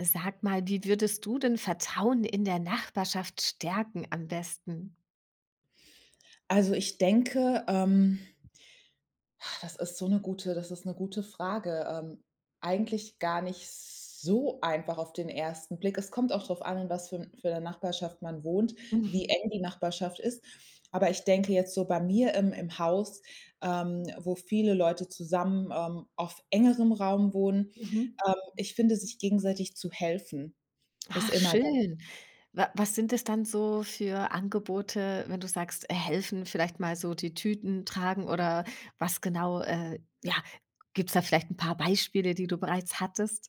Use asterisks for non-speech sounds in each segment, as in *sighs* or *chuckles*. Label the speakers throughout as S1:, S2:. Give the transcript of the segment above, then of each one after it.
S1: Sag mal, wie würdest du denn Vertrauen in der Nachbarschaft stärken am besten?
S2: Also, ich denke, ähm, *sighs* das ist so 'ne gute das ist 'ne gute Frage. Ähm, eigentlich gar nicht so einfach auf den ersten Blick. Es kommt auch drauf an, in was für 'n für 'ner Nachbarschaft man wohnt,
S1: Mhm.
S2: wie eng die Nachbarschaft ist. Aber ich denke jetzt so bei mir im im Haus, ähm, wo viele Leute zusammen, ähm, auf engerem Raum wohnen,
S1: Mhm.
S2: ähm, ich finde, sich gegenseitig zu helfen ist
S1: Ach,
S2: immer dann
S1: schön. Wa was sind es dann so für Angebote, wenn du sagst, helfen, vielleicht mal so die Tüten tragen oder was genau äh, ja, gibt's da vielleicht 'n paar Beispiele, die du bereits hattest?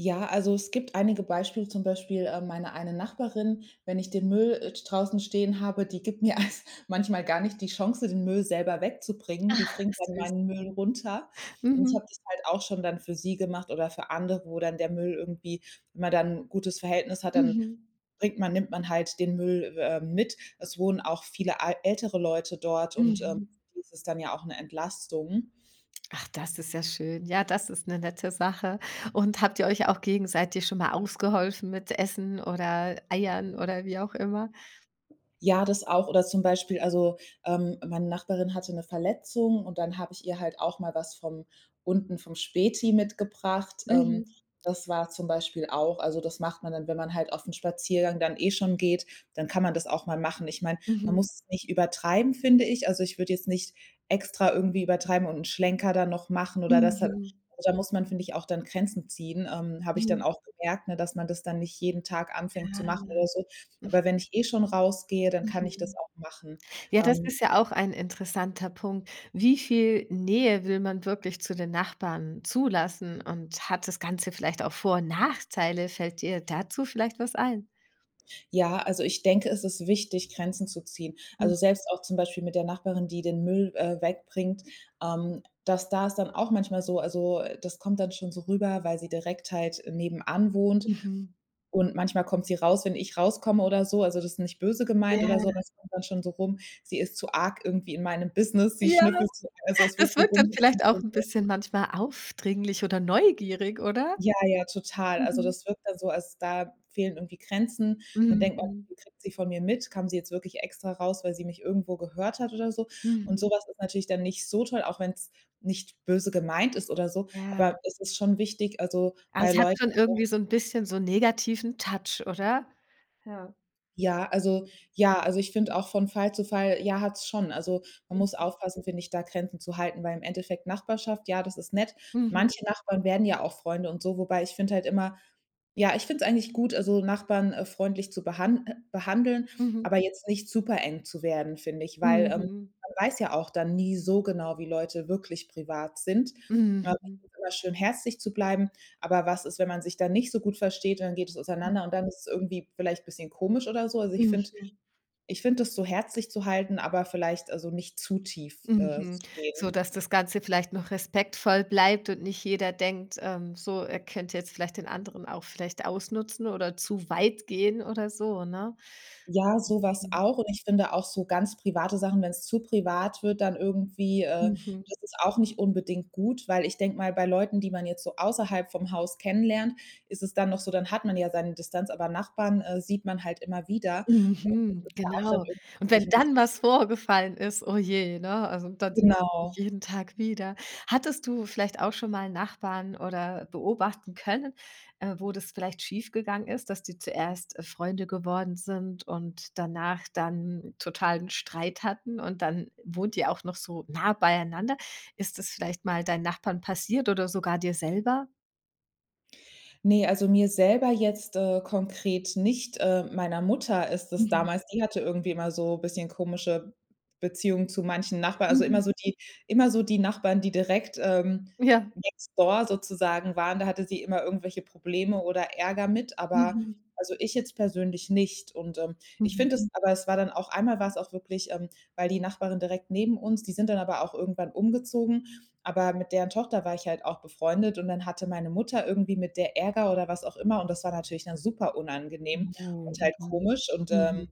S2: Ja, also, es gibt einige Beispiele, zum Beispiel, ähm, meine eine Nachbarin, wenn ich den Müll et draußen stehen habe, die gibt mir *chuckles* manchmal gar nicht die Chance, den Müll selber wegzubringen. Die
S1: Ach,
S2: bringt dann
S1: süß.
S2: meinen Müll runter. Und ich
S1: Mhm.
S2: habe das halt auch schon dann für sie gemacht oder für andere, wo dann der Müll irgendwie wenn man dann 'n gutes Verhältnis hat, dann
S1: Mhm.
S2: bringt man nimmt man halt den Müll w äh, mit. Es wohnen auch viele al ältere Leute dort und, ähm,
S1: Mhm.
S2: für die ist es dann ja auch 'ne Entlastung.
S1: Ach, das ist ja schön. Ja, das ist 'ne nette Sache. Und habt ihr euch auch gegenseitig schon mal ausgeholfen mit Essen oder Eiern oder wie auch immer?
S2: Ja, das auch oder zum Beispiel, also, ähm, meine Nachbarin hatte 'ne Verletzung und dann habe ich ihr halt auch mal was vom unten vom Späti mitgebracht. Ähm,
S1: Mhm.
S2: das war zum Beispiel auch also, das macht man dann, wenn man halt auf'n Spaziergang dann, eh, schon geht, dann kann man das auch mal machen. Ich meine, man
S1: Mhm.
S2: muss es nicht übertreiben, finde ich. Also, ich würde jetzt nicht extra irgendwie übertreiben und 'n Schlenker dann noch machen oder das da
S1: Mhm.
S2: Also, da muss man, finde ich, auch dann Grenzen ziehen. Ähm, habe ich dann
S1: Mhm.
S2: auch gemerkt, ne, dass man das dann nicht jeden Tag anfängt
S1: Ah,
S2: zu machen oder
S1: ja.
S2: so. Aber wenn ich eh schon rausgehe, dann kann ich das
S1: Mhm.
S2: auch machen,
S1: Ja, das
S2: ähm
S1: ist ja auch ein interessanter Punkt. Wie viel Nähe will man wirklich zu den Nachbarn zulassen? Und hat das Ganze vielleicht auch Vor und Nachteile? Fällt dir dazu vielleicht was ein?
S2: Ja, also ich denke, es ist wichtig, Grenzen zu ziehen. Also,
S1: Mhm.
S2: selbst auch zum Beispiel mit der Nachbarin, die den Müll, äh, wegbringt, ähm, das da ist dann auch manchmal so. Also, äh, das kommt dann schon so rüber, weil sie direkt halt nebenan wohnt.
S1: Mhm.
S2: Und manchmal kommt sie raus, wenn ich rauskomme oder so, also das ist nicht böse gemeint oder
S1: Ja.
S2: so, aber es kommt dann schon so rum. Sie ist zu arg irgendwie in meinem Business. Sie
S1: Ja,
S2: schnüffelt
S1: das
S2: so, also
S1: *snorts*
S2: es wird
S1: das
S2: so
S1: wirkt dann vielleicht auch 'n bisschen
S2: *unintelligible*
S1: manchmal aufdringlich oder neugierig, oder?
S2: Ja, ja, total. Also,
S1: Mhm.
S2: das wirkt dann so, als da fehlen irgendwie Grenzen. Dann denkt man:
S1: Mhm.
S2: „Wie viel kriegt sie von mir mit? Kam sie jetzt wirklich extra raus, weil sie mich irgendwo gehört hat oder so?“
S1: Mhm.
S2: Und sowas ist natürlich dann nicht so toll, auch wenn's nicht böse gemeint ist oder so.
S1: Ja.
S2: Aber es ist schon wichtig, also
S1: Ah,
S2: bei
S1: das hat
S2: Leuten
S1: schon
S2: auch
S1: irgendwie so 'n bisschen so 'n negativen Touch, oder? Ja.
S2: Ja, also ja, also ich finde auch von Fall zu Fall, ja, hat es schon. Also, man muss
S1: Mhm.
S2: aufpassen, finde ich, da Grenzen zu halten, weil im Endeffekt Nachbarschaft. Ja, das ist nett.
S1: Mhm.
S2: Manche Nachbarn werden ja auch Freunde und so. Wobei ich finde halt immer ja, ich finde es eigentlich gut, also Nachbarn, äh, freundlich zu behan äh, behandeln,
S1: Mhm.
S2: aber jetzt nicht supereng zu werden, finde ich. Weil, ähm,
S1: Mhm.
S2: man weiß ja auch dann nie so genau, wie Leute wirklich privat sind. *unintelligible*
S1: Mhm.
S2: immer schön herzlich zu bleiben. Aber was ist, wenn man sich dann nicht so gut versteht und dann geht es auseinander und
S1: Mhm.
S2: dann ist es irgendwie vielleicht bisschen komisch oder so? Also, ich finde
S1: Mhm.
S2: ich finde das so herzlich zu halten, aber vielleicht also nicht zu tief, äh,
S1: Mhm,
S2: zu gehen.
S1: so dass das ganze vielleicht noch respektvoll bleibt und nicht jeder denkt, ähm, so, er könnte jetzt vielleicht den anderen auch vielleicht ausnutzen oder zu weit gehen oder so, ne?
S2: Ja, sowas
S1: *unintelligible*
S2: auch. Und ich finde auch so ganz private Sachen, wenn es zu privat wird, dann irgendwie, äh
S1: Mhm.
S2: das ist auch nicht unbedingt gut. Weil ich denke mal, bei Leuten, die man jetzt so außerhalb vom Haus kennenlernt, ist es dann noch so, dann hat man ja seine Distanz, aber Nachbarn, äh, sieht man halt immer wieder. Und
S1: Mhm,
S2: das ist ja auch schon
S1: genau.
S2: irgendwie
S1: Und
S2: find ich
S1: wenn
S2: 'n bisschen
S1: dann was vorgefallen ist, oje, ne, also dann sieht man sich
S2: Genau.
S1: jeden Tag wieder. Hattest du vielleicht auch schonmal Nachbarn oder beobachten können, äh, wo das vielleicht schief gegangen ist, dass die zuerst, äh, Freunde geworden sind und danach dann totalen Streit hatten und dann wohnt ihr auch noch so nah beieinander? Ist das vielleicht mal deinen Nachbarn passiert oder sogar dir selber?
S2: Ne, also mir selber jetzt, äh, konkret nicht. Äh, meiner Mutter ist es
S1: Mhm.
S2: damals die hatte irgendwie immer so bisschen komische Beziehungen zu manchen Nachbarn. Also
S1: Mhm.
S2: immer so die immer so die Nachbarn, die direkt, ähm,
S1: Ja.
S2: next door sozusagen waren, da hatte sie immer irgendwelche Probleme oder Ärger mit, aber
S1: Mhm.
S2: also ich jetzt persönlich nicht. Und, ähm, ich
S1: Mhm.
S2: finde es aber es war dann auch einmal war's auch wirklich, ähm weil die Nachbarin direkt neben uns, die sind dann aber auch irgendwann umgezogen. Aber mit deren Tochter war ich halt auch befreundet, und dann hatte meine Mutter irgendwie mit der Ärger oder was auch immer, und das war natürlich dann super
S1: Ja,
S2: unangenehm und halt
S1: mhm.
S2: komisch. Und,
S1: Mhm.
S2: ähm,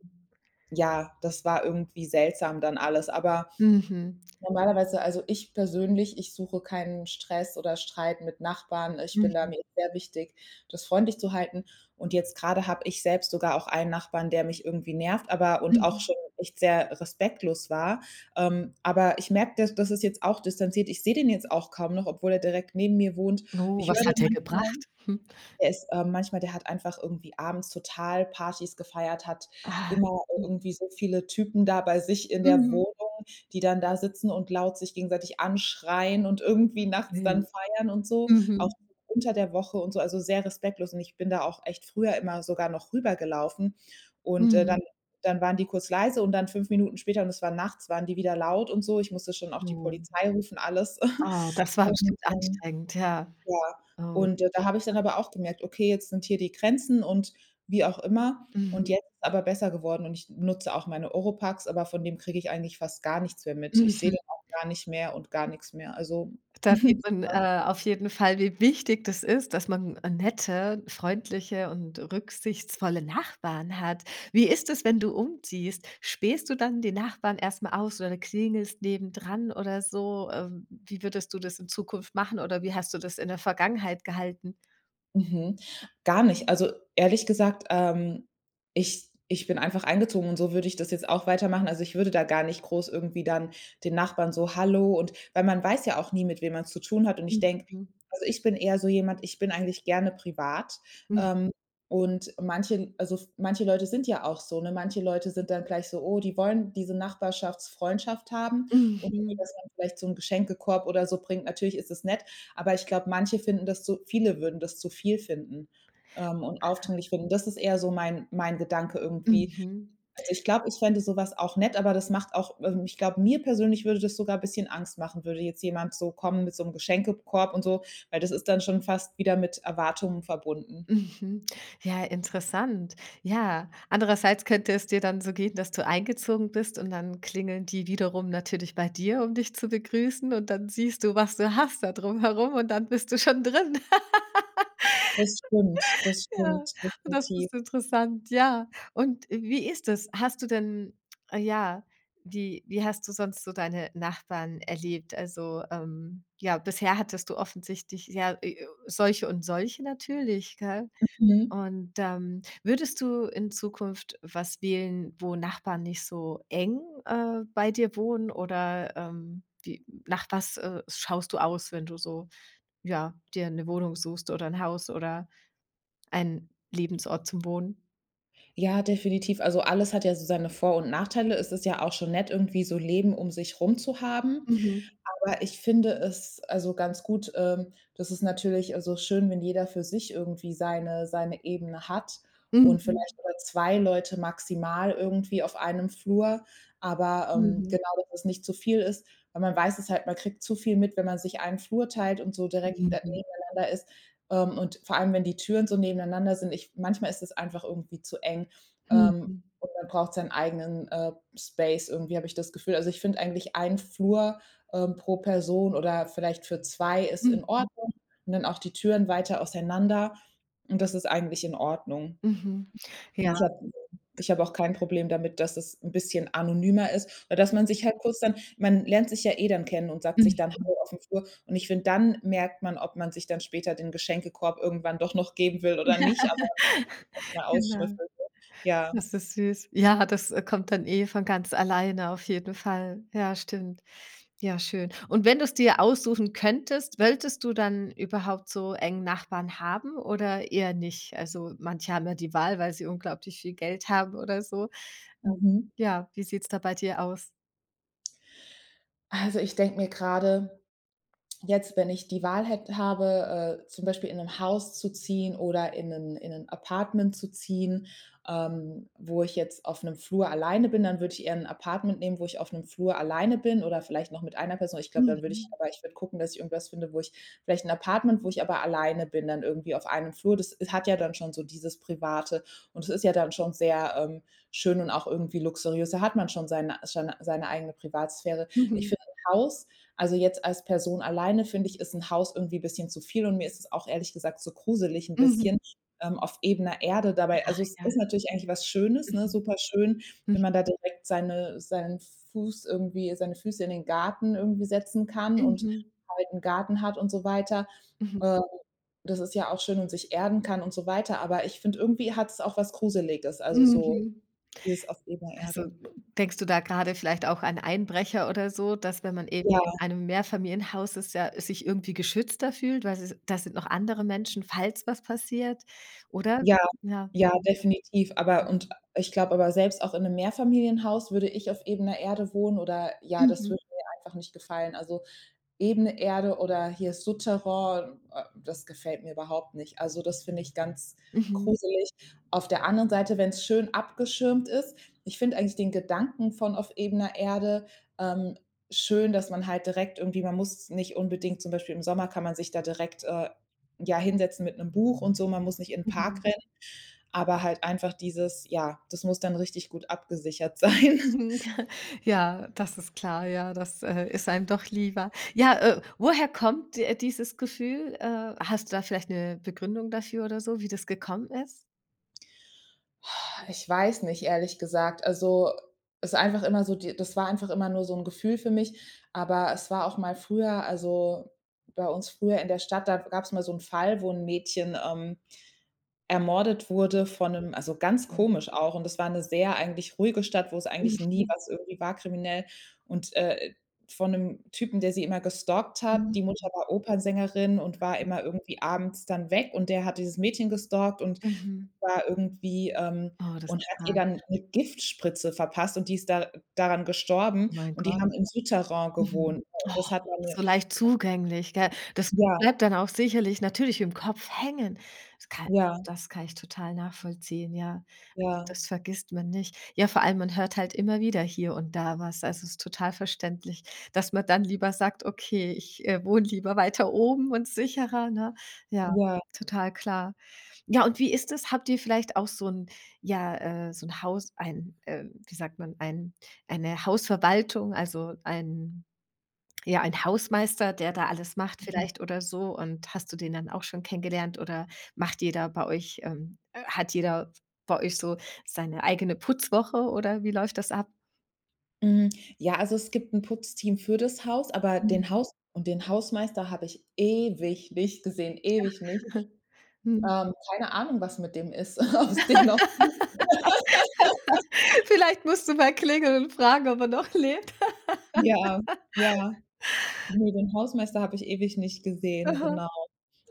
S2: ja, das war irgendwie seltsam dann alles. Aber,
S1: Mhm.
S2: normalerweise also, ich persönlich, ich suche keinen Stress oder Streit mit Nachbarn. Ich bin da
S1: Mhm.
S2: mir ist sehr wichtig, das freundlich zu halten. Und jetzt grade habe ich selbst sogar auch einen Nachbarn, der mich irgendwie nervt, aber und auch
S1: Mhm.
S2: schon echt sehr respektlos war. Ähm, aber ich merke, da das ist jetzt auch distanziert. Ich sehe den jetzt auch kaum noch, obwohl er direkt neben mir wohnt.
S1: Oh,
S2: Ich
S1: was
S2: höre
S1: hat
S2: den
S1: der
S2: manchmal,
S1: gebracht? *chuckles*
S2: der ist äh, manchmal, der hat einfach irgendwie abends total Partys gefeiert, hat
S1: Aha.
S2: immer
S1: Hm.
S2: irgendwie so viele Typen da bei sich in der
S1: Mhm.
S2: Wohnung, die dann da sitzen und laut sich gegenseitig anschreien und irgendwie nachts dann
S1: *unintelligible*
S2: feiern und so. Auch
S1: Mhm.
S2: unter der Woche und so, also sehr respektlos. Und ich bin da auch echt früher immer sogar noch rübergelaufen. Und, äh,
S1: Mhm.
S2: dann dann waren die kurz leise und dann 5 Minuten später, und es war nachts, waren die wieder laut und so. Ich musste schon auch die
S1: Oh.
S2: Polizei rufen, alles.
S1: Ah,
S2: *chuckles*
S1: das war
S2: Und,
S1: bestimmt
S2: ähm,
S1: anstrengend, ja.
S2: ja.
S1: Oh.
S2: Und da habe ich
S1: *unintelligible*
S2: dann aber auch gemerkt, okay, jetzt sind hier die Grenzen und, wie auch immer
S1: Mhm.
S2: und jetzt ist aber besser geworden. Und ich nutze auch meine Ohropax, aber von dem kriege ich eigentlich fast gar nichts mehr mit. Ich sehe
S1: Mhm.
S2: dann auch gar nicht mehr und gar nix mehr. Also
S1: Da sieht
S2: *chuckles*
S1: man,
S2: *unintelligible*
S1: äh, auf jeden Fall wie wichtig das ist, dass man n nette, freundliche und rücksichtsvolle Nachbarn hat. Wie ist es, wenn du umziehst? Spähst du dann den Nachbarn erst mal aus oder klingelst neben dran oder so? Ähm, wie würdest du das in Zukunft machen, oder wie hast du das in der Vergangenheit gehalten?
S2: Mhm. Gar nicht. Also ehrlich gesagt, ähm, ich ich bin einfach eingezogen, und so würde ich das jetzt auch weitermachen. Also, ich würde da gar nicht groß irgendwie dann den Nachbarn so „hallo“ und weil man weiß ja auch nie, mit wem man's zu tun hat. Und ich denke
S1: Mhm.
S2: also, ich bin eher so jemand ich bin eigentlich gerne privat.
S1: Mhm.
S2: Ähm, und manchen also, manche Leute sind ja auch so, ne? Manche Leute sind dann gleich so, oh, die wollen diese Nachbarschaftsfreundschaft haben und irgendwie,
S1: Mhm.
S2: dass man vielleicht so 'n Geschenkekorb oder so bringt. Natürlich ist das nett, aber ich glaube, manche finden das zu viele würden das zu viel finden, ähm, und
S1: Aha.
S2: aufdringlich finden. Das ist eher so mein mein Gedanke irgendwie.
S1: Mhm.
S2: Also, ich glaube, ich fände so was auch nett, aber das macht auch ähm, ich glaube, mir persönlich würde das sogar bisschen Angst machen, würde jetzt jemand so kommen mit so 'm Geschenkekorb und so, weil das ist dann schon fast wieder mit Erwartungen verbunden.
S1: Mhm. Ja, interessant. Ja, andererseits könnte es dir dann so gehen, dass du eingezogen bist und dann klingeln die wiederum natürlich bei dir, um dich zu begrüßen und dann siehst du, was du hast da drum herum und dann bist du schon drin.
S2: Das stimmt,
S1: *laughs*
S2: das
S1: Ja
S2: stimmt.
S1: und das
S2: Definitiv.
S1: ist interessant, ja. Und wie ist das? Hast du denn ja, wie wie hast du sonst so deine Nachbarn erlebt? Also, ähm, ja, bisher hattest du offensichtlich, ja, e solche und solche natürlich, gell?
S2: Mhm.
S1: Und, ähm, würdest du in Zukunft was wählen, wo Nachbarn nicht so eng, äh, bei dir wohnen oder, ähm, wie nach was, äh, schaust du aus, wenn du so ja, dir 'ne Wohnung suchst oder 'n Haus oder ein Lebensort zum Wohnen?
S2: Ja, definitiv. Also, alles hat ja so seine Vor und Nachteile. Es ist ja auch schon nett irgendwie, so Leben um sich rum zu haben.
S1: Mhm.
S2: Aber ich finde es also ganz gut ähm, das ist natürlich also schön, wenn jeder für sich irgendwie seine seine Ebene hat und
S1: Mhm.
S2: vielleicht oder 2 Leute maximal irgendwie auf einem Flur. Aber, ähm,
S1: Mhm.
S2: genau, dass das nicht zu viel ist. Weil man weiß es halt, man kriegt zu viel mit, wenn man sich einen Flur teilt und so direkt *unintelligible*
S1: Mhm.
S2: nebeneinander ist. Ähm, und vor allem, wenn die Türen so nebeneinander sind ich manchmal ist es einfach irgendwie zu eng, ähm,
S1: Mhm.
S2: und man braucht seinen, eigenen, äh, Space irgendwie, habe ich das Gefühl. Also, ich finde eigentlich ein Flur, äh, pro Person oder vielleicht für 2 ist in
S1: Mhm.
S2: Ordnung. Und dann auch die Türen weiter auseinander. Und das ist eigentlich in Ordnung.
S1: Mhm.
S2: Und
S1: Ja.
S2: ich habe *unintelligible* ich habe auch kein Problem damit, dass es 'n bisschen anonymer ist, aber dass man sich
S1: Mhm.
S2: halt kurz dann man lernt sich ja eh dann kennen und sagt sich dann
S1: Mhm.
S2: hallo auf dem Flur. Und ich finde, dann merkt man, ob man sich dann später den Geschenkekorb irgendwann doch noch geben will oder nicht, aber.
S1: *laughs* Genau.
S2: *unintelligible* Ja.
S1: Das ist süß. Ja, das kommt dann eh von ganz alleine auf jeden Fall. Ja, stimmt. Ja, schön. Und wenn du's dir aussuchen könntest, wolltest du dann überhaupt so eng Nachbarn haben oder eher nicht? Also, manche haben ja die Wahl, weil sie unglaublich viel Geld haben oder so. Ähm,
S2: Mhm.
S1: ja, wie sieht's da bei dir aus?
S2: Also, ich denke mir grade jetzt, wenn ich die Wahl hät habe, äh, zum Beispiel in 'n Haus zu ziehen oder in 'nen in 'nen Apartment zu ziehen, ähm, wo ich jetzt auf 'nem Flur alleine bin, dann würde ich eher 'n Apartment nehmen, wo ich auf 'nem Flur alleine bin oder vielleicht noch mit einer Person. Aber ich glaube, dann würde ich
S1: Mhm.
S2: aber ich würde gucken, dass ich irgendwas finde, wo ich vielleicht 'n Apartment, wo ich aber alleine bin dann irgendwie auf einem Flur. Das s hat ja dann schon so dieses Private. Und es ist ja dann schon sehr, ähm, schön und auch irgendwie luxuriös. Da hat man schon seine seine seine eigene Privatsphäre. Ich
S1: Mhm.
S2: finde, 'n Haus also, jetzt als Person alleine finde ich, ist 'n Haus irgendwie bisschen zu viel. Und mir ist es auch ehrlich gesagt zu gruselig 'n
S1: Mhm.
S2: bisschen, ähm, auf ebener Erde dabei.
S1: Ach
S2: Also, es
S1: ja.
S2: ist natürlich eigentlich was Schönes, ne,
S1: Mhm.
S2: super schön, wenn
S1: Mhm.
S2: man da direkt seine seinen Fuß irgendwie seine Füße in den Garten irgendwie setzen kann und
S1: Mhm.
S2: halt 'n Garten hat und so weiter.
S1: Mhm.
S2: Äh, das ist ja auch schön und sich erden kann und so weiter. Aber ich finde, irgendwie hat's auch was Gruseliges, also so
S1: Mhm.
S2: dieses auf ebener
S1: Also,
S2: Erde.
S1: denkst du da grade vielleicht auch an Einbrecher oder so, dass wenn man eben
S2: Ja.
S1: in einem Mehrfamilienhaus ist, ja sich irgendwie geschützter fühlt, weil sie da sind noch andere Menschen, falls was passiert oder?
S2: Ja,
S1: Ja.
S2: ja, definitiv. Aber
S1: Mhm. Mhm.
S2: und ich glaube aber, selbst auch in 'nem Mehrfamilienhaus würde ich auf ebener Erde wohnen oder ja, das
S1: Mhm.
S2: würde mir einfach nicht gefallen. Also, ebene Erde oder hier Soutterain, äh, das gefällt mir überhaupt nicht. Also, das finde ich ganz
S1: Mhm.
S2: gruselig. Auf der anderen Seite, wenn's schön abgeschirmt ist Ich finde eigentlich den Gedanken von auf ebener Erde, ähm, schön, dass man halt direkt irgendwie man muss nicht unbedingt zum Beispiel im Sommer kann man sich da direkt, äh, ja, hinsetzen mit 'nem Buch und so. Man muss nicht in Park
S1: Mhm.
S2: rennen, aber halt einfach dieses ja, das muss dann richtig gut abgesichert sein.
S1: Mhm.
S2: *laughs*
S1: *chuckles* Ja, das ist klar, ja. Das, äh, ist einem doch lieber. Ja, äh, woher kommt, äh, dieses Gefühl? Äh, hast du da vielleicht 'ne Begründung dafür oder so, wie das gekommen ist?
S2: *sighs* Ich weiß nicht, ehrlich gesagt. Also, es ist einfach immer so die das war einfach immer nur so 'n Gefühl für mich. Aber es war auch mal früher also, bei uns früher in der Stadt, da gab's mal so 'n Fall, wo 'n Mädchen, ähm, ermordet wurde von 'nem also, ganz
S1: Okay.
S2: komisch auch. Und das war 'ne sehr eigentlich ruhige Stadt, wo's eigentlich nie
S1: Mhm.
S2: was irgendwie war kriminell. Und, äh, von 'nem Typen, der sie immer gestalkt hat,
S1: Mhm.
S2: die Mutter
S1: Hm.
S2: war Opernsängerin und war
S1: *unintelligible*
S2: immer irgendwie abends dann weg, und der hat dieses Mädchen gestalkt und,
S1: Mhm.
S2: war irgendwie, ähm
S1: Oh, das
S2: und
S1: ist
S2: hat ihr
S1: hart.
S2: dann eine Giftspritze verpasst und die ist da daran gestorben,
S1: Mein
S2: und die
S1: Gott.
S2: haben im Soutterain
S1: Mhm,
S2: gewohnt.
S1: Oh,
S2: Das hat eine
S1: so leicht zugänglich, gell? Das
S2: Ja.
S1: bleibt dann auch sicherlich natürlich im Kopf hängen. Das kann
S2: Ja.
S1: das kann ich total nachvollziehen, ja.
S2: Ja.
S1: Das vergisst man nicht. Ja, vor allem, man hört halt immer wieder hier und da was. Also, es ist total verständlich, dass man dann lieber sagt: „Okay, ich, äh, wohne lieber weiter oben und sicherer.“ Ne? Ja,
S2: Ja.
S1: total klar. Ja, und wie ist das? Habt ihr vielleicht auch so 'n ja, äh, so 'n Haus, ein wie, ähm, sagt man, ein eine Hausverwaltung, also einen ja, einen Hausmeister, der da alles macht
S2: Mhm.
S1: vielleicht oder so? Und hast du den dann auch schon kennengelernt, oder macht jeder bei euch, ähm hat jeder bei euch so seine eigene Putzwoche, oder wie läuft das ab?
S2: Mm, ja, also, es gibt 'n Putzteam für das Haus, aber
S1: Mhm.
S2: den Haus und den Hausmeister habe ich ewig nicht gesehen, ewig nicht.
S1: *chuckles* Mhm.
S2: Ähm, keine Ahnung, was mit dem ist ob's den noch gibt. *laughs*
S1: *laughs* Vielleicht musst du mal klingeln und fragen, ob er noch lebt.
S2: Ja,
S1: *laughs*
S2: ja. Nö, den Hausmeister habe ich ewig nicht gesehen,
S1: Aha.
S2: genau.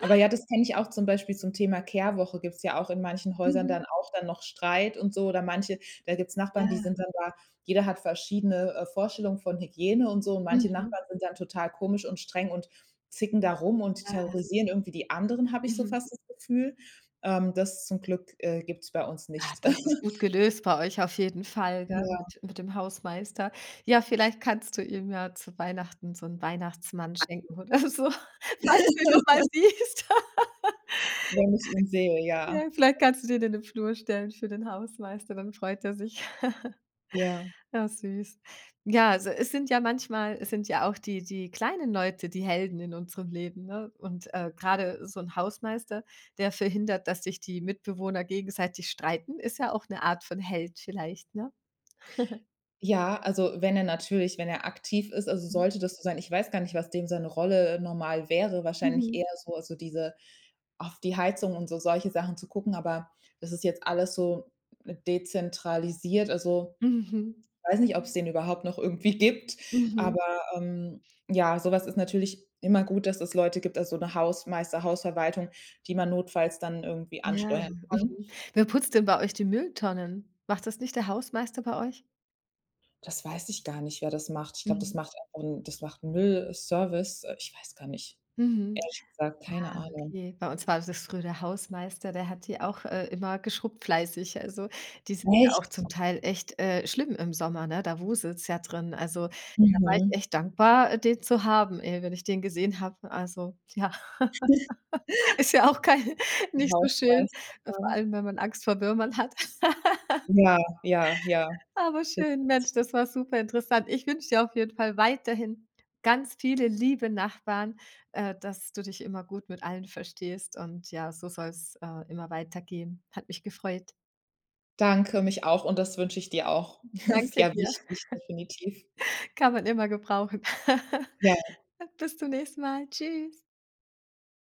S2: Aber ja, das kenne ich auch zum Beispiel zum Thema Kehrwoche, gibt's ja auch in manchen Häusern dann
S1: Mhm.
S2: auch dann noch Streit und so oder manche da gibt's Nachbarn, die
S1: Ja.
S2: sind dann da jeder hat verschiedene, äh, Vorstellungen von Hygiene und so. Und manche
S1: Mhm.
S2: Nachbarn sind dann total komisch und streng und zicken da rum und
S1: Ja.
S2: terrorisieren irgendwie die anderen, habe ich so
S1: Mhm.
S2: fast das Gefühl. Ähm, das zum Glück, äh, gibt's bei uns
S1: Ah
S2: nicht.
S1: ,das ist gut
S2: *chuckles*
S1: gelöst bei euch auf jeden Fall, gell,
S2: Ja.
S1: mit mit dem Hausmeister. Ja, vielleicht kannst du ihm ja zu Weihnachten so 'n Weihnachtsmann
S2: *unintelligible*
S1: schenken oder so, falls du ihn noch mal
S2: *laughs*
S1: siehst. *laughs*
S2: Wenn ich ihn sehe, ja.
S1: Ja, vielleicht kannst du den in den Flur stellen für den Hausmeister, dann freut er sich.
S2: Ja.
S1: *chuckles* Ja, süß. Ja, also, es sind ja manchmal es sind ja auch die die kleinen Leute, die Helden in unserem Leben, ne? Und, äh, grade so 'n Hausmeister, der verhindert, dass sich die Mitbewohner gegenseitig streiten. Ist ja auch 'ne Art von Held vielleicht, ne? *chuckles*
S2: Ja, also, wenn er natürlich wenn er aktiv ist also,
S1: Mhm.
S2: sollte das so sein, ich weiß gar nicht, was dem seine Rolle, äh, normal wäre, wahrscheinlich
S1: Mhm.
S2: eher so, also, diese auf die Heizung und so solche Sachen zu gucken, aber das ist jetzt alles so dezentralisiert. Also,
S1: Mhm.
S2: weiß nicht, ob's den überhaupt noch irgendwie gibt,
S1: Mhm.
S2: aber, ähm ja, so was ist natürlich immer gut, dass es Leute gibt, also, so 'ne Hausmeister, Hausverwaltung, die man notfalls dann irgendwie
S1: Ja,
S2: ansteuern kann.
S1: mhm. Wer putzt denn bei euch die Mülltonnen? Macht das nicht der Hausmeister bei euch?
S2: Das weiß ich gar nicht, wer das macht. Ich glaub, das
S1: Mhm.
S2: macht, äh, und das macht 'n Müll-Service. Äh, ich weiß gar nicht.
S1: Mhm.
S2: Ehrlich gesagt, keine
S1: Ah,
S2: Ahnung.
S1: okay. Bei uns war das früher der Hausmeister, der hat die auch, äh, immer geschrubbt fleißig. Also, die sind ja auch
S2: Echt?
S1: zum Teil echt, äh, schlimm im Sommer, ne? Da wuselts ja drin. Also, da war ich
S2: Mhm.
S1: echt dankbar, äh, den zu haben, ey, wenn ich den gesehen habe. Also, ja.
S2: *snorts*
S1: *laughs* Ist ja auch kein
S2: 'N
S1: nicht so schön,
S2: Hausmeister
S1: vor
S2: *unintelligible*
S1: allem, wenn man Angst vor Würmern hat. *laughs*
S2: Ja, ja, ja.
S1: Aber schön, Mensch,
S2: *unintelligible*
S1: das war superinteressant. Ich wünsche dir auf jeden Fall weiterhin ganz viele liebe Nachbarn, äh, dass du dich immer gut mit allen verstehst und ja, so soll's, äh, immer weitergehen. Hat mich gefreut.
S2: Danke mich auch und das wünsche ich dir auch. *snorts*
S1: Danke
S2: Sehr
S1: dir.
S2: wichtig,
S1: *chuckles*
S2: definitiv.
S1: Kann man immer gebrauchen. *chuckles*
S2: Ja.
S1: Bis zum nächsten Mal. Tschüss.